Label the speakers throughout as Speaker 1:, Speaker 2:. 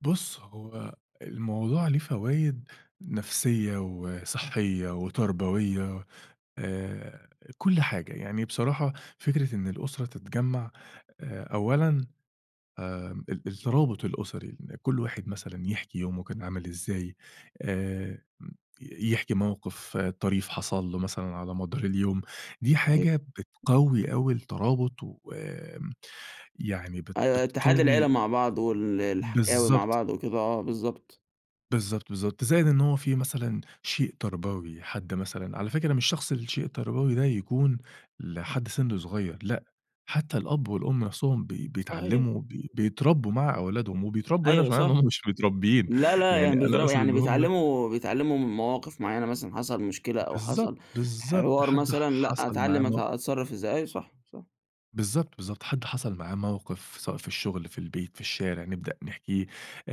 Speaker 1: بُص، هو الموضوع ليه فوايد نفسية وصحية وتربوية، آآ، كل حاجة. يعني بصراحة فكرة إن الأسرة تتجمع، أولًا آآ، ال الترابط الأسري، إن كل واحد مثلًا يحكي يومه كان عامل إزاي، آآ، م يحكي موقف طريف حصل له مثلًا على مدار اليوم. دي
Speaker 2: صحيح.
Speaker 1: حاجة بتقوي أوي الترابط ويعني بت
Speaker 2: أيوه، اتحاد العيلة
Speaker 1: بتقوي
Speaker 2: مع بعض وال الحكاوي مع
Speaker 1: بالضبط.
Speaker 2: بعض وكده آه، بالضبط.
Speaker 1: بالضبط، بالضبط، زائد إن هو في مثلًا شيء تربوي، حد مثلًا، على فكرة مش شخص الشيء التربوي ده يكون لحد سن صغير، لأ، حتى الأب والأم نفسهم بي
Speaker 2: صحيح.
Speaker 1: بيتعلموا، ب بيتربوا مع أولادهم، وبيتربوا هنا
Speaker 2: أيو، ه
Speaker 1: مش معناه إن
Speaker 2: صح.
Speaker 1: هٌم مش متربيين،
Speaker 2: لا لأ،
Speaker 1: يعني
Speaker 2: يعني
Speaker 1: أنا
Speaker 2: بيزرع
Speaker 1: أقصد
Speaker 2: يعني
Speaker 1: إن هُم
Speaker 2: بيتعلموا بيتعلموا من مواقف معينة مثلًا حصل مشكلة أو
Speaker 1: بالضبط،
Speaker 2: حصل
Speaker 1: بالضبط،
Speaker 2: حوار
Speaker 1: حد ح
Speaker 2: مثلًا، لأ،
Speaker 1: حصَل معاه
Speaker 2: أتعلم أت
Speaker 1: مو
Speaker 2: أتصرف إزاي. أيوه صح، صح.
Speaker 1: بالضبط، بالضبط. حد حصل معاه موقف، سواء في الشغل، في البيت، في الشارع، نبدأ نحكيه.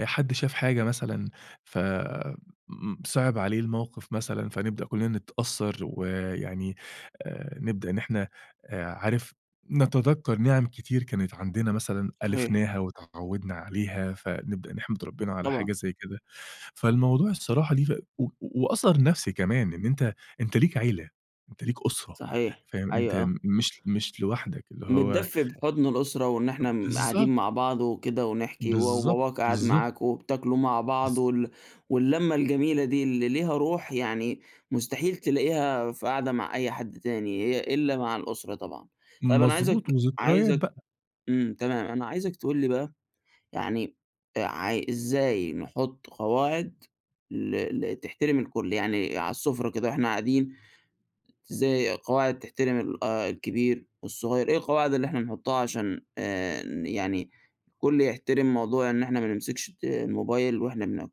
Speaker 1: حد شاف حاجة مثلًا فصِعب عليه الموقف مثلًا، فنبدأ كلنا نتأثر، ويعني آآ، نبدأ إن إحنا عارف، نتذكَّر نِعَم كتير كانت عندنا مثلًا
Speaker 2: صحيح.
Speaker 1: ألفناها واتعودنا عليها، فنبدأ نحمد ربنا على
Speaker 2: طبعًا.
Speaker 1: حاجة زي كده. فالموضوع الصراحة ليه فا و وأثر نفسي كمان، إن أنت أنت ليك عيلة، أنت ليك أسرة
Speaker 2: صحيح.
Speaker 1: فاهم،
Speaker 2: أيوه،
Speaker 1: أنت
Speaker 2: آه.
Speaker 1: مش مش لوحدك اللي هو
Speaker 2: متدفّي بحضن الأسرة وإن إحنا قاعدين مع
Speaker 1: بالضبط.
Speaker 2: بعض وكده ونحكي، و
Speaker 1: بالضبط،
Speaker 2: وباباك قاعد
Speaker 1: بالضبط.
Speaker 2: معاكم وبتاكلوا مع بعض
Speaker 1: بالض
Speaker 2: وال واللمّة الجميلة دي، اللي ليها روح يعني مستحيل تلاقيها في قعدة مع أي حد تاني، هي إلّا مع الأسرة طبعًا. طيب، أنا عايزَك
Speaker 1: مضبوط وذكريات
Speaker 2: عايزَك
Speaker 1: بقى.
Speaker 2: إمم، تمام، أنا عايزَك تقول لي بقى، يعني عاي إزاي نحط قواعد ل ل تحترم الكل؟ يعني على السفرة كده وإحنا قاعدين، زي قواعد تحترم ال آآ، الكبير والصغير. إيه القواعد اللي إحنا نحطها علشان آآ، يعني كل يحترم موضوع إن إحنا ما نمسكش الت الموبايل وإحنا بناكل؟